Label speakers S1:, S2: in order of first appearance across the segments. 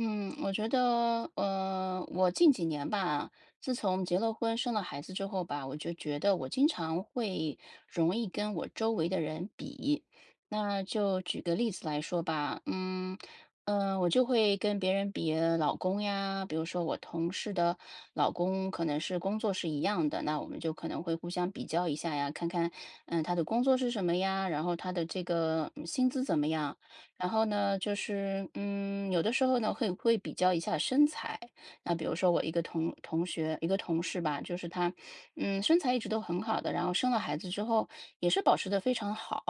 S1: 嗯，我觉得，呃，我近几年吧，自从结了婚生了孩子之后吧，我就觉得我经常会容易跟我周围的人比。那就举个例子来说吧，嗯，呃，我就会跟别人比老公呀，比如说我同事的老公可能是工作是一样的，那我们就可能会互相比较一下呀，看看，呃，他的工作是什么呀，然后他的这个薪资怎么样。然后呢，就是，嗯，有的时候呢，会会比较一下身材，那比如说我一个同同学，一个同事吧，就是她，嗯，身材一直都很好的，然后生了孩子之后也是保持得非常好。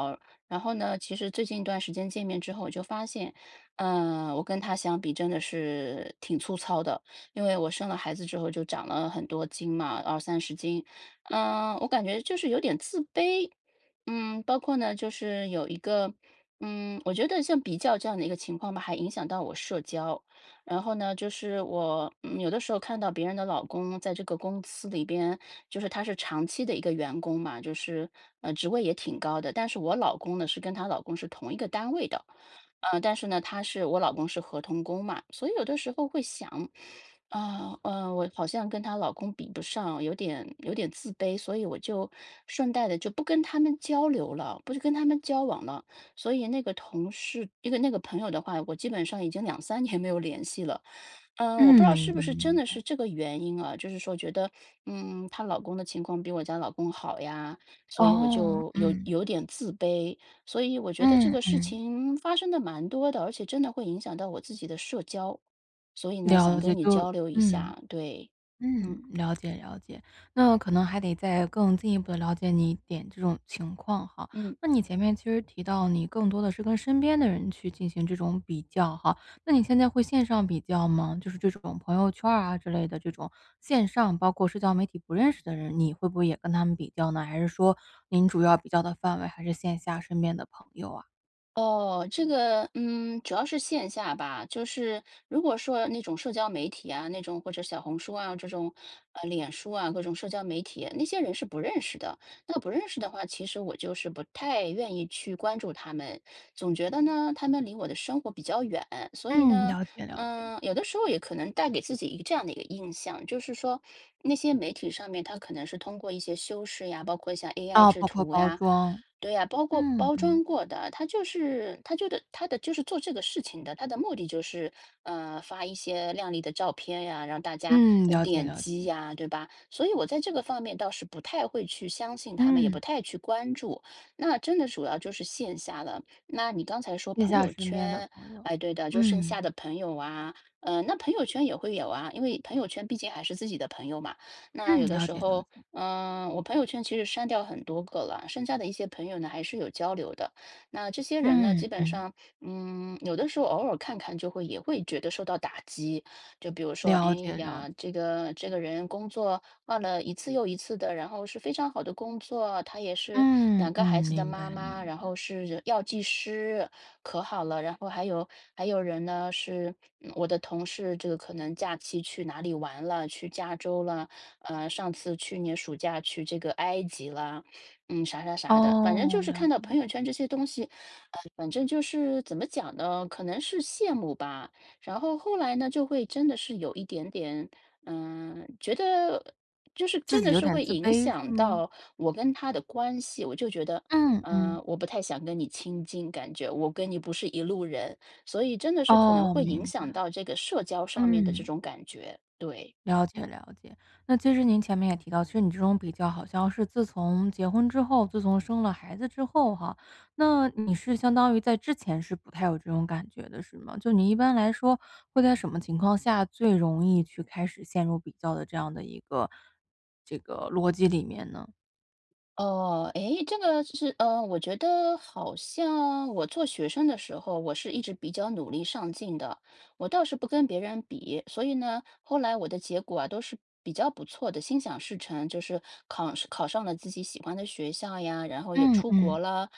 S1: 然后呢，其实最近一段时间见面之后我就发现，呃，我跟她相比真的是挺粗糙的。因为我生了孩子之后就长了很多斤嘛，20-30斤。呃，我感觉就是有点自卑。嗯，包括呢，就是有一个嗯我觉得像比较这样的一个情况吧还影响到我社交。然后呢，就是我有的时候看到别人的老公在这个公司里边，就是他是长期的一个员工嘛，就是，嗯，职位也挺高的。但是我老公呢是跟她老公是同一个单位的，呃，但是呢，他是我老公是合同工嘛。所以有的时候会想，啊，呃，我好像跟她老公比不上，有点有点自卑，所以我就顺带的就不跟她们交流了，不跟她们交往了。所以那个同事，那个那个朋友的话，我基本上已经2-3年没有联系了。呃，我不知
S2: 嗯，
S1: 道
S2: 明
S1: 是
S2: 白，
S1: 不是真
S2: 明
S1: 的
S2: 白。
S1: 是这个原因啊，就是说觉得，嗯，她老公的情况比我家老公好呀，所以我
S2: 哦，
S1: 就有
S2: 嗯。
S1: 有点自卑。所以我觉得这
S2: 嗯，
S1: 个事
S2: 嗯。
S1: 情发生得蛮多的，而且真的会影响到我自己的社交。所以呢，想
S2: 了解，
S1: 跟你
S2: 就
S1: 交流一
S2: 嗯。
S1: 下，对，
S2: 嗯，
S1: 嗯。
S2: 了解了解。那可能还得再更进一步地了解你一点这种情况哈，
S1: 嗯。
S2: 那你前面其实提到你更多的是跟身边的人去进行这种比较哈，那你现在会线上比较吗？就是这种朋友圈儿啊之类的这种，线上包括社交媒体不认识的人，你会不会也跟他们比较呢？还是说您主要比较的范围还是线下身边的朋友啊？
S1: 哦，这个嗯，主要是线下吧，就是，如果说那种社交媒体啊，那种或者小红书啊，这种，呃，脸书啊，各种社交媒体，那些人是不认识的，那不认识的话，其实我就是不太愿意去关注她们。总觉得呢，她们离我的生活比较远，所以
S2: 嗯，
S1: 呢，
S2: 了解了解。
S1: 呃，有的时候也可能带给自己一个这样的一个印象，就是说那些媒体上面她可能是通过一些修饰呀，包括像 AI
S2: 哦，
S1: 制
S2: 包括
S1: 图
S2: 包
S1: 呀，
S2: 装，
S1: 对呀，包括
S2: 嗯，
S1: 包
S2: 嗯。
S1: 装过的，她就是她就的她的就是做这个事情的，她的目的就是，呃，发一些靓丽的照片呀，让大家，
S2: 嗯，
S1: 呃，
S2: 了解
S1: 点
S2: 了
S1: 击
S2: 解。
S1: 呀，对吧？所以我在这个方面倒是不太会去相信她们，也不
S2: 嗯。
S1: 太去关注。那真的主要就是线下了。那你刚才说
S2: 剩
S1: 朋
S2: 下
S1: 友
S2: 身边的
S1: 圈，
S2: 朋友，
S1: 哎，对的，就剩
S2: 嗯。
S1: 下的朋友啊，呃，那朋友圈也会有啊，因为朋友圈毕竟还是自己的朋友嘛，那有
S2: 嗯，
S1: 的
S2: 了
S1: 时
S2: 解了
S1: 候，
S2: 解。
S1: 呃，我朋友圈其实删掉很多个了，剩下的一些朋友呢还是有交流的。那这些人呢？基
S2: 嗯，
S1: 本
S2: 嗯。
S1: 上，嗯，有的时候偶尔看看就会也会觉得受到打击。就比如说，哎
S2: 了解了
S1: 呀，这
S2: 解。
S1: 个这个人工作换了一次又一次的，然后是非常好的工作，她也是
S2: 嗯，
S1: 2个孩
S2: 嗯，
S1: 子的
S2: 明白
S1: 妈妈，
S2: 明
S1: 然
S2: 白。
S1: 后是药剂师，可好了。然后还有还有人呢，是我的同事这个可能假期去哪里玩了，去加州了，呃，上次去年暑假去这个埃及啦，嗯，啥啥啥的。反正
S2: 哦，
S1: 就是
S2: 了
S1: 看到
S2: 解了
S1: 朋友
S2: 解。
S1: 圈这些东西，呃，反正就是怎么讲呢？可能是羡慕吧，然后后来呢，就会真的是有一点点，呃，觉得就是
S2: 自
S1: 真
S2: 己
S1: 的
S2: 有
S1: 是
S2: 点
S1: 会
S2: 自
S1: 影
S2: 卑是
S1: 响
S2: 吗？
S1: 到我跟她的关系。我就觉得，
S2: 嗯，嗯。
S1: 呃，我不太想跟你亲近，感觉我跟你不是一路人，所以真的是可能
S2: 哦，
S1: 会影
S2: 明白，
S1: 响到这个社交上面的这
S2: 嗯。
S1: 种感觉，对。
S2: 了解了解，那其实您前面也提到，其实你这种比较好像是自从结婚之后，自从生了孩子之后哈。那你是相当于在之前是不太有这种感觉的是吗？就你一般来说，会在什么情况下最容易去开始陷入比较的这样的一个这个逻辑里面呢？
S1: 哦，哎，这个就是呃，我觉得好像我做学生的时候，我是一直比较努力上进的。我倒是不跟别人比，所以呢，后来我的结果啊都是比较不错的，心想事成，就是考上考上了自己喜欢的学校呀，然后也
S2: 嗯
S1: 出国
S2: 嗯。
S1: 了。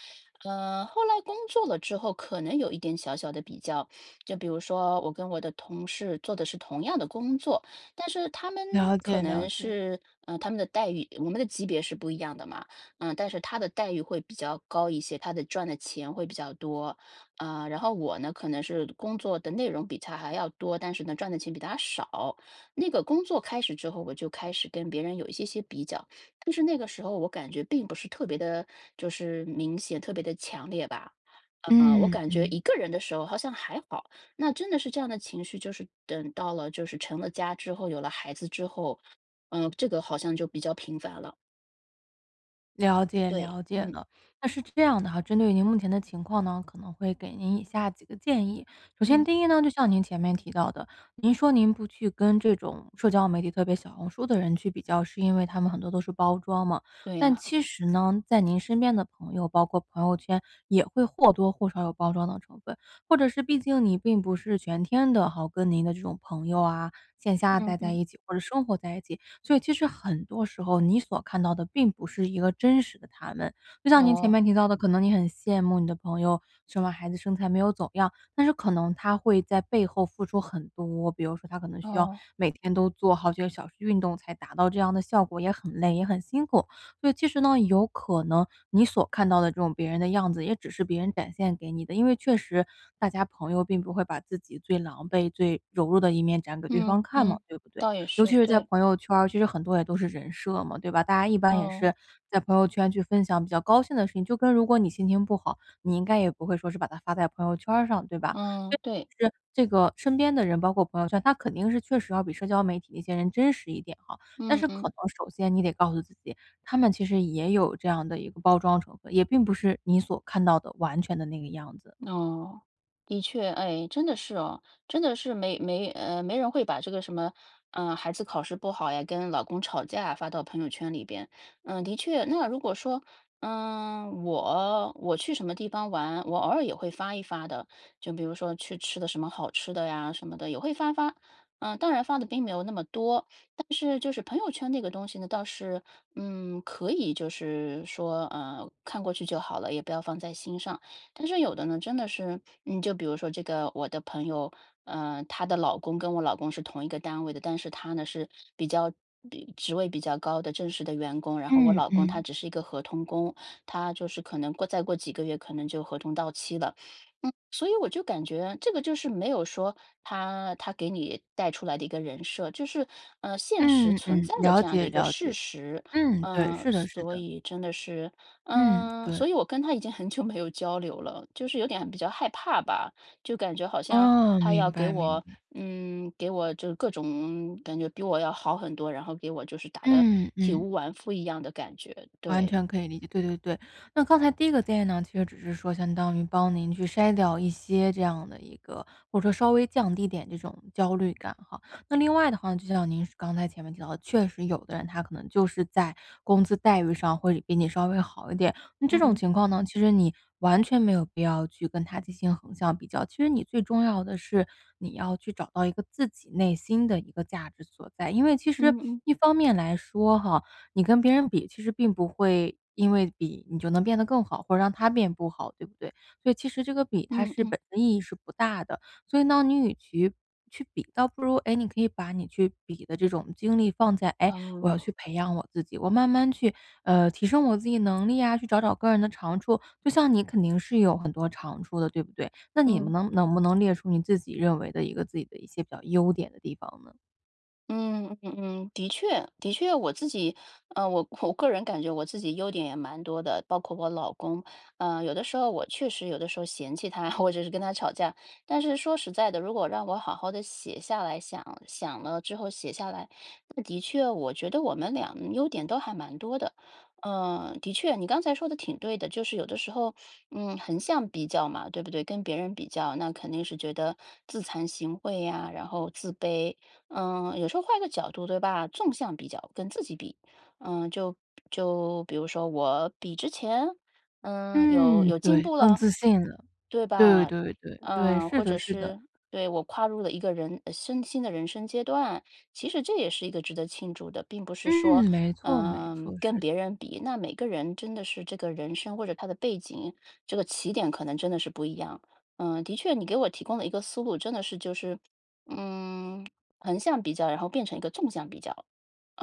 S1: 嗯，后来工作了之后可能有一点小小的比较。就比如说，我跟我的同事做的是同样的工作，但是他们
S2: 了
S1: 可
S2: 解了
S1: 能
S2: 解了。
S1: 是呃，他们的待遇我们的级别是不一样的嘛，嗯，但是他的待遇会比较高一些，他的赚的钱会比较多。呃，然后我呢，可能是工作的内容比他还要多，但是呢，赚的钱比他少。那个工作开始之后，我就开始跟别人有一些些比较。就是那个时候我感觉并不是特别地，就是明显，特别地强烈吧。呃，我
S2: 嗯
S1: 感觉
S2: 嗯。
S1: 一个人的时候好像还好。那真的是这样的情绪就是等到了就是成了家之后，有了孩子之后，呃，这个好像就比较频繁了。
S2: 了解
S1: 对，
S2: 了解
S1: 嗯。
S2: 了。那是这样的哈，针对您目前的情况呢，可能会给您以下几个建议。首先
S1: 嗯。
S2: 第一呢，就像您前面提到的，您说您不去跟这种社交媒体特别小红书的人去比较，是因为他们很多都是包装嘛，
S1: 对
S2: 但
S1: 呀。
S2: 其实呢，在您身边的朋友，包括朋友圈，也会或多或少有包装的成分。或者是毕竟你并不是全天的哈，跟您的这种朋友啊，线下
S1: 嗯
S2: 待在
S1: 嗯。
S2: 一起，或者生活在一起，所以其实很多时候你所看到的并不是一个真实的他们。就像您前
S1: 哦。
S2: 面提到的，可能你很羡慕你的朋友，生完孩子身材没有走样，但是可能她会在背后付出很多。比如说她可能需要
S1: 哦。
S2: 每天都做好几个小时运动才达到这样的效果，也很累，也很辛苦。所以其实呢，有可能你所看到的这种别人的样子，也只是别人展现给你的，因为确实大家朋友并不会把自己最狼狈、最柔弱的一面展给对方
S1: 嗯，
S2: 看嘛，
S1: 嗯，
S2: 对不对？
S1: 倒也
S2: 尤
S1: 是。
S2: 其是在
S1: 对。
S2: 朋友圈儿，其实很多也都是人设嘛，对吧？大家一般也是
S1: 哦。
S2: 在朋友圈去分享比较高兴的事情，就跟如果你心情不好，你应该也不会说是把它发在朋友圈儿上，对吧？
S1: 嗯，
S2: 这
S1: 对。
S2: 是这个身边的人，包括朋友圈，他肯定是确实要比社交媒体那些人真实一点哈，但
S1: 嗯
S2: 是可
S1: 嗯。
S2: 能首先你得告诉自己，他们其实也有这样的一个包装成分，也并不是你所看到的完全的那个样子。
S1: 哦，的确，哎，真的是哦，真的是没没，呃，没人会把这个什么，呃，孩子考试不好呀，跟老公吵架啊，发到朋友圈里边。呃，的确。那如果说，嗯，我我去什么地方玩，我偶尔也会发一发的，就比如说去吃的什么好吃的呀，什么的，也会发发。呃，当然发得并没有那么多。但是就是朋友圈那个东西呢倒是，嗯，可以就是说，呃，看过去就好了，也不要放在心上。但是有的呢真的是，嗯，就比如说这个，我的朋友，呃，她的老公跟我老公是同一个单位的，但是他呢是，比较比职位比较高的正式的员工，然后我
S2: 嗯
S1: 老公他
S2: 嗯。
S1: 只是一个合同工，他就是可能过再过几个月可能就合同到期了。嗯，所以我就感觉，这个就是没有说，她她给你带出来的一个人设，就是，呃，现实
S2: 嗯
S1: 存
S2: 嗯，
S1: 在的
S2: 了
S1: 这样的
S2: 解
S1: 一个
S2: 了
S1: 事
S2: 解。
S1: 实。
S2: 嗯，对，
S1: 呃，
S2: 是的是
S1: 所
S2: 的。
S1: 以真的是，
S2: 嗯，
S1: 呃，
S2: 对。
S1: 所以我跟她已经很久没有交流了，就是有点比较害怕吧。就感觉好像
S2: 哦，
S1: 她要
S2: 明
S1: 给
S2: 白明
S1: 我
S2: 白。
S1: 嗯，给我就各种感觉比我要好很多，然后给我就是打得
S2: 嗯
S1: 体
S2: 嗯。
S1: 无完肤一样的感觉。
S2: 完
S1: 对。
S2: 全可以理解，对对对。那刚才第一个建议呢，其实只是说相当于帮您去筛掉一些这样的一个或者说稍微降低点这种焦虑感哈。那另外的话，就像您刚才前面提到的，确实有的人他可能就是在工资待遇上会比你稍微好一点。那这种
S1: 嗯。
S2: 情况呢，其实你完全没有必要去跟他进行横向比较，其实你最重要的是，你要去找到一个自己内心的一个价值所在。因为其实
S1: 嗯嗯。
S2: 一方面来说哈，你跟别人比，其实并不会，因为比，你就能变得更好，或者让他变不好，对不对？所以其实这个比，它
S1: 嗯
S2: 是
S1: 嗯。
S2: 本身意义是不大的，所以当你与其去比，倒不如，哎，你可以把你去比的这种精力放在，哎，我要去
S1: 哦。
S2: 培养我自己，我慢慢去，呃，提升我自己能力呀，去找找个人的长处，就像你肯定是有很多长处的，对不对？那你
S1: 嗯。
S2: 能能不能列出你自己认为的一个自己的一些比较优点的地方呢？
S1: 嗯，嗯，的确，的确我自己啊，我我个人感觉我自己优点也蛮多的，包括我老公，呃，有的时候我确实有的时候嫌弃他，或者是跟他吵架，但是说实在的，如果让我好好地写下来，想想了之后写下来，那的确，我觉得我们两优点都还蛮多的。呃，的确，你刚才说的挺对的，就是有的时候，嗯，横向比较嘛，对不对？跟别人比较，那肯定是觉得，自惭形秽呀，然后自卑。嗯，有时候换个角度对吧，纵向比较，跟自己比。嗯，就比就比如说我比之前？嗯，有
S2: 嗯，
S1: 有进
S2: 对，
S1: 步
S2: 更
S1: 了。
S2: 自信了。
S1: 对
S2: 对，
S1: 吧，
S2: 对，对。对，
S1: 呃，
S2: 是
S1: 或
S2: 的
S1: 者
S2: 是的。
S1: 是，对，我跨入了一个人呃，生新的人生阶段，其实这也是一个值得庆祝的。并不是说，
S2: 嗯，没错没
S1: 呃，
S2: 错，
S1: 跟
S2: 是
S1: 别
S2: 的。
S1: 人比，那每个人真的是这个人生或者他的背景，这个起点可能真的是不一样。呃，的确你给我提供了一个思路真的是就是，嗯，横向比较然后变成一个纵向比较，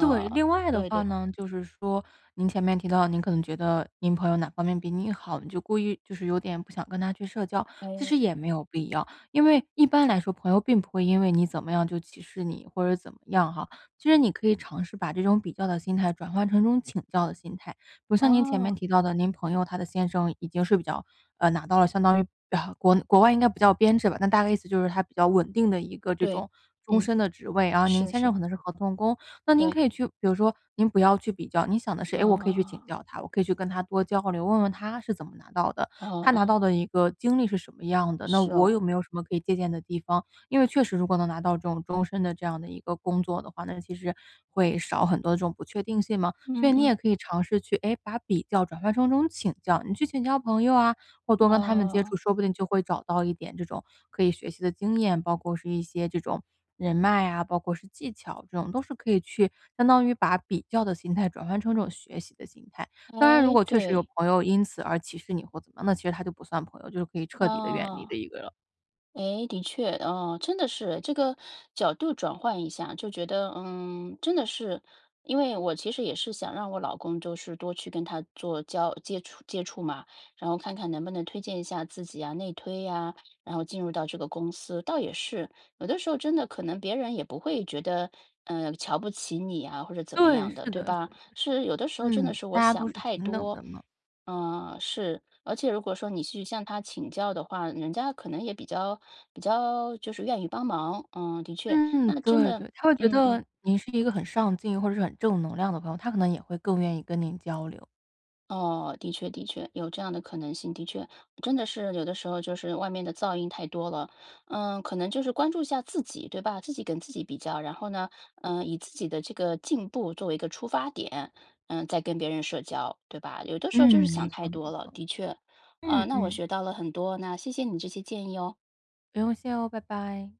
S2: 对，另外的
S1: 对
S2: 话
S1: 对。
S2: 呢就是说，您前面提到，您可能觉得您朋友哪方面比你好，你就故意就是有点不想跟她去社交。其
S1: 哎。
S2: 实也没有必要，因为一般来说朋友并不会因为你怎么样就歧视你，或者怎么样哈。其实你可以尝试把这种比较的心态转换成一种请教的心态。比如像您前面
S1: 哦。
S2: 提到的，您朋友她的先生已经是比较，呃，拿到了相当于，啊，国内国外应该不叫编制吧，那大概意思就是他比较稳定的一个这
S1: 对，
S2: 种终
S1: 嗯，
S2: 身的职位。然后您
S1: 是
S2: 先生
S1: 是。
S2: 可能是合同工，那您
S1: 对。
S2: 可以去比如说您不要去比较，您想的是：“哎，我可以去请
S1: 哦。
S2: 教他，我可以去跟他多交流，问问他是怎么拿到的，
S1: 哦
S2: 他拿
S1: 哦。
S2: 到的一个经历是什么样的，那
S1: 是
S2: 我
S1: 哦。
S2: 有没有什么可以借鉴的地方。”因为确实如果能拿到这种终身的这样的一个工作的话，那其实会少很多的这种不确定性嘛。所以
S1: 嗯
S2: 你也
S1: 嗯。
S2: 可以尝试去，哎，把比较转换成这种请教，你去请教朋友啊，或多跟他们接触，
S1: 哦。
S2: 说不定就会找到一点这种可以学习的经验，包括是一些这种人脉啊，包括是技巧，这种都是可以去，相当于把比较的心态转换成这种学习的心态。当然如
S1: 哎，
S2: 果确实有
S1: 对。
S2: 朋友因此而歧视你或怎么，那其实她就不算朋友，就是可以彻底地远离
S1: 哦。
S2: 的一个了。
S1: 诶，的确，哦，真的是，这个，角度转换一下，就觉得，嗯，真的是。因为我其实也是想让我老公就是多去跟他做交接触接触嘛，然后看看能不能推荐一下自己啊、内推呀，然后进入到这个公司。倒也是，有的时候，真的可能别人也不会觉得，呃，瞧不起你啊，或者怎么
S2: 对，
S1: 样的，
S2: 是
S1: 对
S2: 的是
S1: 吧？
S2: 的是的。
S1: 是，有的时候真的
S2: 嗯，
S1: 是我
S2: 大家都
S1: 想
S2: 是
S1: 太
S2: 平等
S1: 多，
S2: 的嘛。
S1: 呃，是。而且如果说你去向他请教的话，人家可能也比较比较，就是愿意帮忙。嗯，的确，
S2: 嗯，
S1: 那真
S2: 对
S1: 的
S2: 对，她会觉
S1: 嗯嗯。
S2: 得，你是一个很上进或者是很正能量的朋友，她可能也会更愿意跟您交流。
S1: 哦，的确的确，有这样的可能性，的确，真的是有的时候就是外面的噪音太多了，呃，可能就是关注一下自己，对吧？自己跟自己比较，然后呢，呃，以自己的这个进步作为一个出发点，呃，再跟别人社交，对吧？有的时候就是
S2: 嗯，没
S1: 想太
S2: 错没
S1: 多了，
S2: 错。
S1: 的确，呃，
S2: 嗯
S1: 那我
S2: 嗯。
S1: 学到了很多，那谢谢你这些建议哦。
S2: 不用谢哦，拜拜。